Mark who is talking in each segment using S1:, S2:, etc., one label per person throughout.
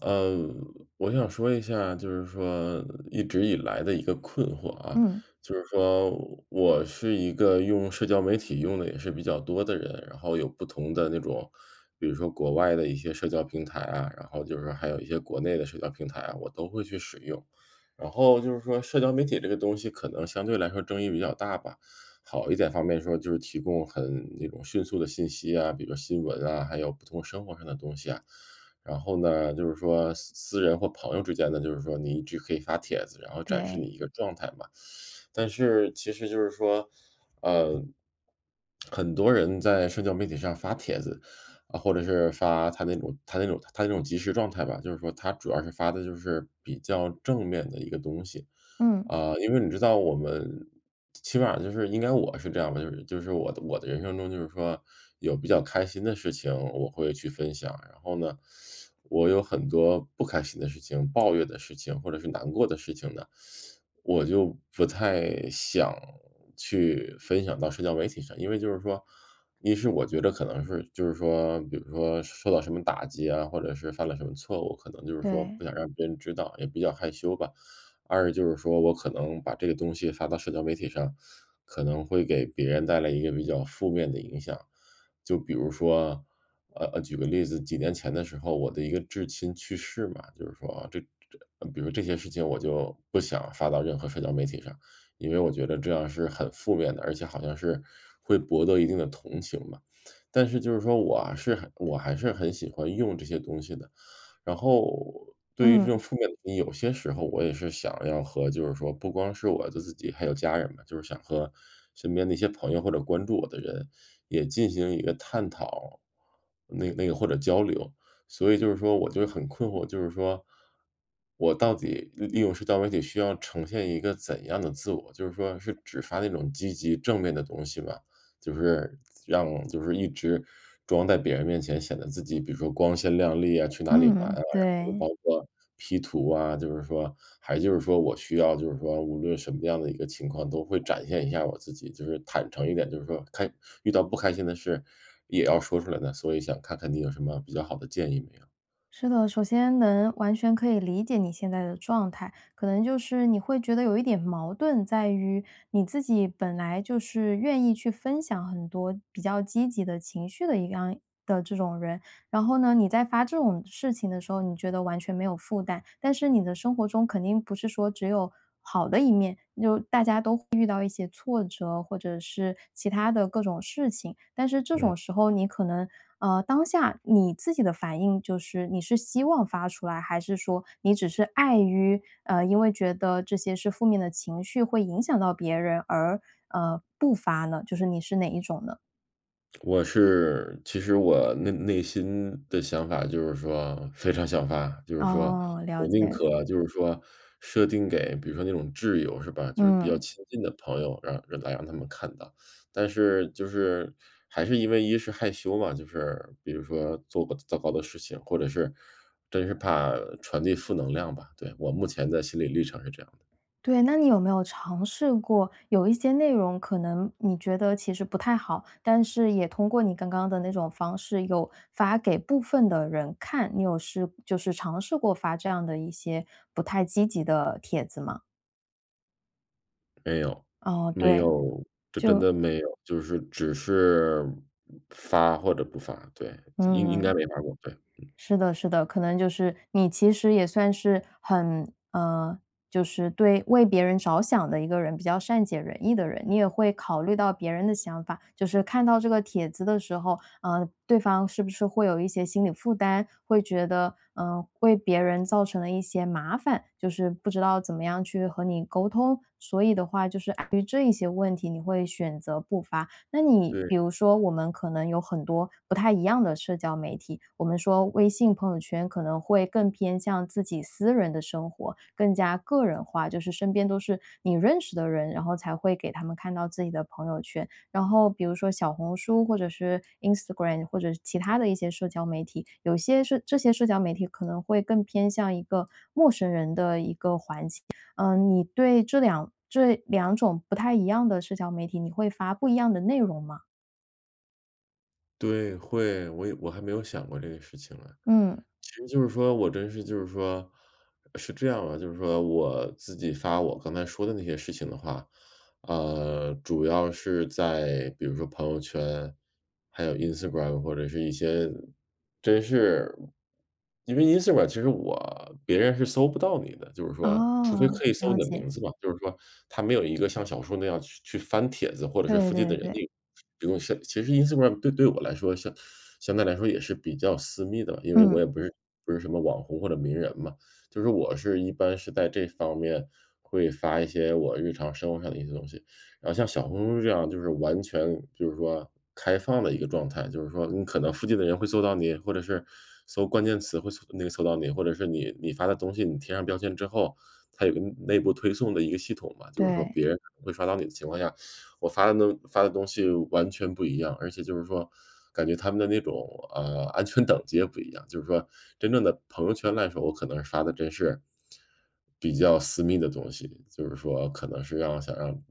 S1: 呃，我想说一下，就是说一直以来的一个困惑啊。
S2: 嗯。
S1: 就是说我是一个用社交媒体用得也是比较多的人，然后有不同的那种，比如说国外的一些社交平台啊，然后就是还有一些国内的社交平台啊，我都会去使用，然后就是说社交媒体这个东西可能相对来说争议比较大吧。好一点方面说就是提供很那种迅速的信息啊，比如说新闻啊，还有不同生活上的东西啊。然后呢，就是说私私人或朋友之间呢，就是说你就可以发帖子，然后展示
S2: 对。
S1: 你一个状态嘛。但是其实就是说，呃，很多人在社交媒体上发帖子，啊，或者是发他那种他那种他那种及时状态吧，就是说他主要是发的就是比较正面的一个东西，
S2: 嗯。
S1: 啊，因为你知道我们起码就是应该我是这样的，就是就是我的我的人生中就是说有比较开心的事情，我会去分享，然后呢，我有很多不开心的事情，抱怨的事情，或者是难过的事情呢，我就不太想去分享到社交媒体上。因为就是说，一是，我觉得可能是就是说比如说受到什么打击啊，或者是犯了什么错误，可能就是说
S2: 对。
S1: 不想让别人知道，也比较害羞吧。二，就是说我可能把这个东西发到社交媒体上，可能会给别人带来一个比较负面的影响。就比如说，呃，呃，举个例子，几年前的时候，我的一个至亲去世嘛，就是说这这比如这些事情我就不想发到任何社交媒体上，因为我觉得这样是很负面的，而且好像是会博得一定的同情嘛。但是就是说，我还是我还是很喜欢用这些东西的，然后对于这种
S2: 嗯。
S1: 负面的，有些时候我也是想要和就是说不光是我的自己还有家人嘛，就是想和身边的一些朋友，或者关注我的人也进行一个探讨，那个那个或者交流，所以就是说我觉得很困惑，就是说，我到底利利用社交媒体需要呈现一个怎样的自我，就是说是只发那种积极正面的东西吗，就是让就是一直装在别人面前显得自己，比如说光鲜亮丽啊，去哪里玩啊，
S2: 嗯，
S1: 然后
S2: 对。
S1: 包括 P 图啊，就是说还就是说我需要就是说无论什么样的一个情况都会展现一下我自己，就是坦诚一点，就是说开遇到不开心的事也要说出来的呢，所以想看看你有什么比较好的建议没有。
S2: 是的，首先能完全可以理解你现在的状态。可能就是你会觉得有一点矛盾在于你自己本来就是愿意去分享很多比较积极的情绪的一样的这种人，然后呢你在发这种事情的时候你觉得完全没有负担。但是你的生活中肯定不是说只有好的一面，就大家都会遇到一些挫折，或者是其它的各种事情，但是这
S1: 嗯。
S2: 种时候你可能，呃，当下你自己的反应就是你是希望发出来？还是说你只是碍于，呃，因为觉得这些是负面的情绪会影响到别人而，呃，不发呢，就是你是哪一种呢？
S1: 我是其实我内内心的想法就是说非常想发，就是说
S2: 哦，
S1: 我
S2: 了
S1: 宁
S2: 解。
S1: 可就是说设定给比如说那种挚友是吧，就是比较
S2: 嗯。
S1: 亲近的朋友，让让大家那么看到，但是就是还是因为一是害羞嘛，就是比如说做过糟糕的事情，或者是真是怕传递负能量吧，对，我目前的心理历程是这样的。
S2: 对，那你有没有尝试过有一些内容可能你觉得其实不太好，但是也通过你刚刚的那种方式有发给部分的人看。你有试就是尝试过发这样的一些不太积极的帖子吗？
S1: 没有，
S2: 哦，
S1: 没
S2: 对。
S1: 有，就真
S2: 就
S1: 的没有，就是只是发或者不发，对，应应
S2: 嗯。
S1: 该没发过，对，嗯。
S2: 是的是的，可能就是你其实也算是很呃，就是对为别人着想的一个人，比较善解人意的人，你也会考虑到别人的想法，就是看到这个帖子的时候，呃，对方是不是会有一些心理负担，会觉得，呃，为别人造成了一些麻烦，就是不知道怎么样去和你沟通，所以的话就是，啊，对于这一些问题，你会选择不发。那你
S1: 对。
S2: 比如说我们可能有很多不太一样的社交媒体，我们说微信朋友圈可能会更偏向自己私人的生活，更加个人化，就是身边都是你认识的人，然后才会给他们看到自己的朋友圈。然后比如说小红书，或者是 Instagram，或者是其它的一些社交媒体，有些是这些社交媒体可能会更偏向一个陌生人的一个环境。嗯，你对这两这两种不太一样的社交媒体，你会发不一样的内容吗？
S1: 对，会，我也我还没有想过这个事情啊。
S2: 嗯。
S1: 其实就是说我真是就是说是这样的，就是说我自己发我刚才说的那些事情的话。呃，主要是在比如说朋友圈，还有 Instagram 或者是一些真是因为 Instagram 其实我别人是搜不到你的。就是说除非
S2: 哦，
S1: 可以搜
S2: 了
S1: 你的名
S2: 解。
S1: 字嘛，就是说他没有一个像小说那样去去翻帖子，或者是
S2: 对，
S1: 附近的
S2: 对，
S1: 人那
S2: 对。
S1: 种。比如像其实 Instagram 对对我来说相相对来说也是比较私密的，因为我
S2: 嗯。
S1: 也不是不是什么网红或者名人嘛。就是说我是一般是在这方面会发一些我日常生活上的一些东西，然后像小红书这样就是完全就是说开放的一个状态，就是说你可能附近的人会搜到你，或者是搜关键词会搜那个搜到你，或者是你你发的东西你贴上标签之后，它有一个内部推送的一个系统嘛，就是说
S2: 对。
S1: 别人会发到你的情况下，我发的呢发的东西完全不一样。而且就是说感觉它们的那种，呃，安全等级也不一样，就是说真正的朋友圈来说，我可能发的真是比较私密的东西，就是说可能是要想让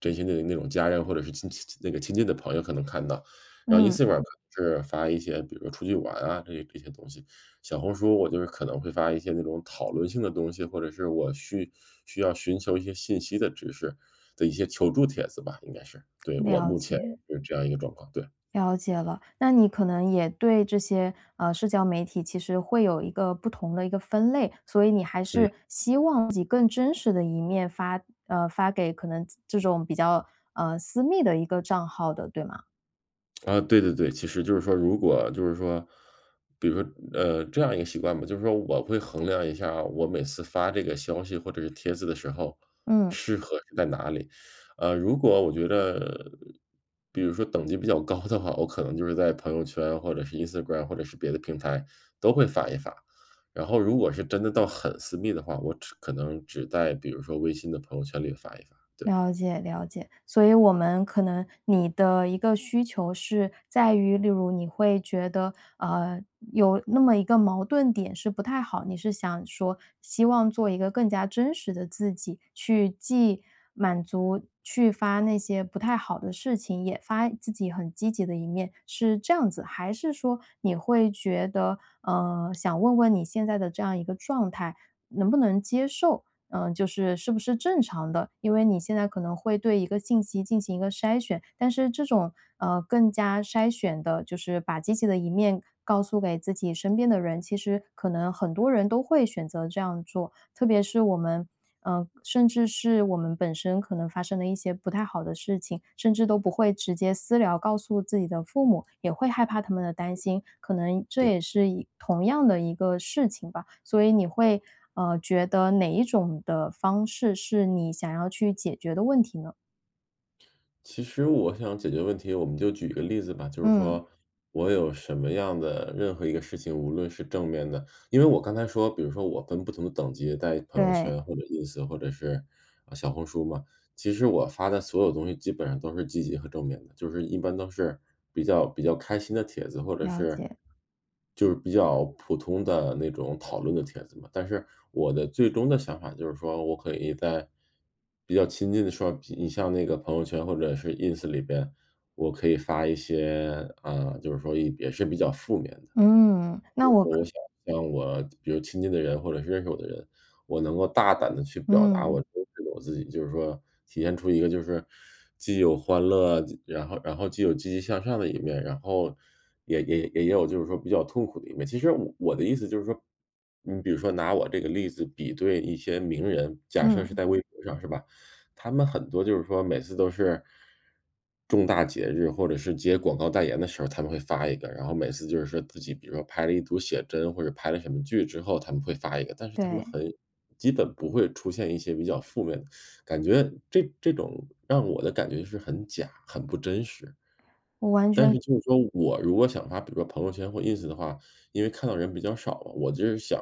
S1: 真心的那种家人或者是亲戚那个亲近的朋友可能看到。然后
S2: 嗯。
S1: Instagram 可能是发一些，比如出去玩啊，这这些东西。小红书，我就是可能会发一些那种讨论性的东西，或者是我去需要寻求一些信息的知识的一些求助帖子吧应该是。对，我
S2: 了
S1: 目前
S2: 解。
S1: 是这样一个状况，对。
S2: 了解了。那你可能也对这些，呃，社交媒体其实会有一个不同的一个分类，所以你还
S1: 嗯。
S2: 是希望以更真实的一面发，呃，发给可能这这种比较，呃，私密的一个账号的，对吗？
S1: 啊，对对对，其实就是说如果就是说比如说，呃，这样一个习惯吧，就是说我会衡量一下啊，我每次发这个消息或者是帖子的时候，
S2: 嗯。
S1: 适合是在哪里。啊，如果我觉得比如说等级比较高的话，我可能就是在朋友圈或者是 Instagram 或者是别的平台都会发一发，然后如果是真的到很私密的话，我只可能只在比如说微信的朋友圈里发一发，对。
S2: 了解了解，所以我们可能你的一个需求是在于，例如你会觉得，呃，有那么一个矛盾点是不太好，你是想说希望做一个更加真实的自己，去既满足去发那些不太好的事情，也发自己很积极的一面，是这样子？还是说你会觉得，呃，想问问你现在的这样一个状态能不能接受呃，就是是不是正常的？因为你现在可能会对一个信息进行一个筛选，但是这种，呃，更加筛选地就是把积极的一面告诉给自己身边的人，其实可能很多人都会选择这样做，特别是我们，呃，甚至是我们本身可能发生了一些不太好的事情，甚至都不会直接私聊告诉自己的父母，也会害怕他们的担心，可能这
S1: 对。
S2: 也是一同样的一个事情吧，所以你会，呃，觉得哪一种的方式是你想要去解决的问题呢？
S1: 其实我想解决问题，我们就举一个例子吧。就是
S2: 嗯。
S1: 说我有什么样的任何一个事情，无论是正面的，因为我刚才说比如说我分不同的等级在朋友
S2: 对。
S1: 圈或者 Ins 或者是，呃，小红书嘛，其实我发的所有东西基本上都是积极和正面的，就是一般都是比较比较开心的帖子，或者
S2: 了
S1: 是
S2: 解。
S1: 就是比较普通的那种讨论的帖子嘛，但是我的最终的想法就是说我可以在比较亲近的时候你像那个朋友圈或者是 Ins 里边，我可以发一些，啊，就是说也也是比较负面的。
S2: 嗯，
S1: 就
S2: 那
S1: 是
S2: 我
S1: 说我
S2: 可
S1: 想向我比如亲近的人，或者是认识我的人，我能够大胆地去表达
S2: 嗯。
S1: 我真实的我自己就是说体现出一个就是既有欢乐，然后然后既有积极向上的一面，然后也也也有就是说比较痛苦的一面，其实我的意思就是说，你比如说拿我这个例子比对一些名人，假设是
S2: 嗯。
S1: 在微博上是吧，他们很多就是说每次都是，重大节日或者是接广告代言的时候，他们会发一个，然后每次就是说自己比如说拍了一组写真或者拍了什么剧之后他们会发一个，但是他们
S2: 对。
S1: 很基本不会出现一些比较负面的，感觉这这种让我的感觉是很假，很不真实。
S2: 我完
S1: 但是
S2: 全
S1: 就是说我如果想发，比如说朋友圈或 Ins 的话，因为看到的人比较少，我就是想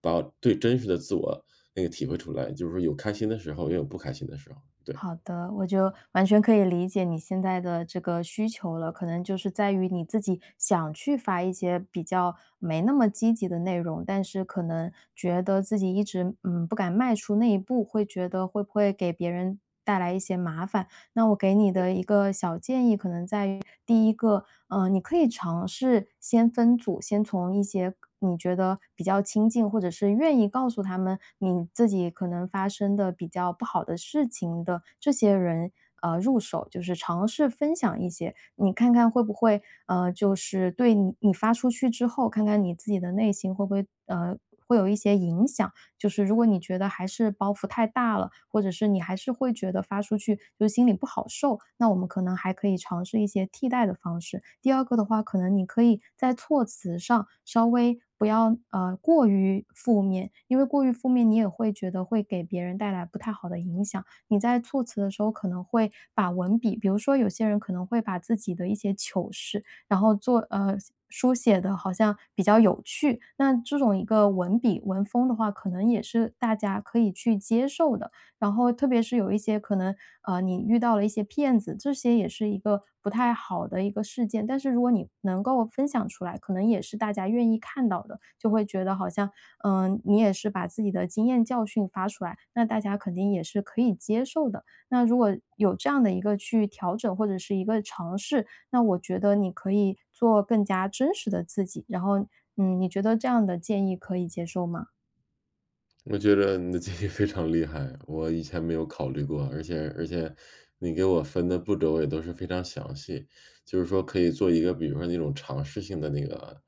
S1: 把最真实的自我那个体会出来，就是有开心的时候，也有不开心的时候，对。
S2: 好的，我就完全可以理解你现在的这个需求了，可能就是在于你自己想去发一些比较没那么积极的内容，但是可能觉得自己一直，呃，不敢迈出那一步，会觉得会不会给别人带来一些麻烦。那我给你
S1: 对。
S2: 的一个小建议可能在于第一个，呃，你可以尝试先分组，先从一些你觉得比较亲近，或者是愿意告诉他们你自己可能发生的比较不好的事情的这些人，呃，入手，就是尝试分享一些，你看看会不会，呃，就是对你发出去之后，看看你自己的内心会不会，呃，会有一些影响，就是如果你觉得还是包袱太大了，或者是你还是会觉得发出去就是心里不好受，那我们可能还可以尝试一些替代的方式。第二个的话，可能你可以在措辞上稍微不要，呃，过于负面，因为过于负面，你也会觉得会给别人带来不太好的影响，你在措辞的时候可能会把文笔比如说有些人可能会把自己的一些糗事，然后做呃，书写地好像比较有趣，那这种一个文笔、文风的话，可能也是大家可以去接受的，然后特别是有一些可能，呃，你遇到了一些骗子，这些也是一个不太好的一个事件，但是如果你能够分享出来，可能也是大家愿意看到的，就会觉得好像，呃，你也是把自己的经验教训发出来，那大家肯定也是可以接受的。那如果有这样的一个去调整，或者是一个尝试，那我觉得你可以做更加真实的自己，然后，嗯，你觉得这样的建议可以接受吗？
S1: 我觉得你的建议非常厉害，我以前没有考虑过，而且而且你给我分的步骤我也都是非常详细，就是说可以做一个比如说那种尝试性的那个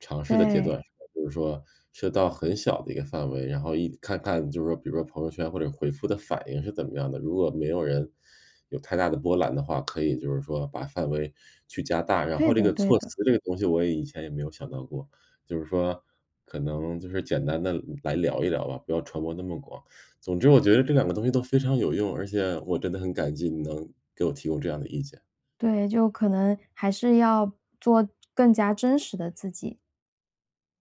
S1: 尝试的阶
S2: 对。
S1: 段，就是说设到很小的一个范围，然后一看看就是说比如说朋友圈或者回复的反应是怎么样的。如果没有人有太大的波澜的话，可以就是说把范围去加大，然
S2: 对
S1: 后这
S2: 的
S1: 个
S2: 对
S1: 措
S2: 的。
S1: 词这个东西我也以前也没有想到过，就是说可能就是简单地来聊一聊吧，不要传播那么广，总之我觉得这两个东西都非常有用，而且我真的很感激，你能给我提供这样的意见。
S2: 对，就可能还是要做更加真实的自己。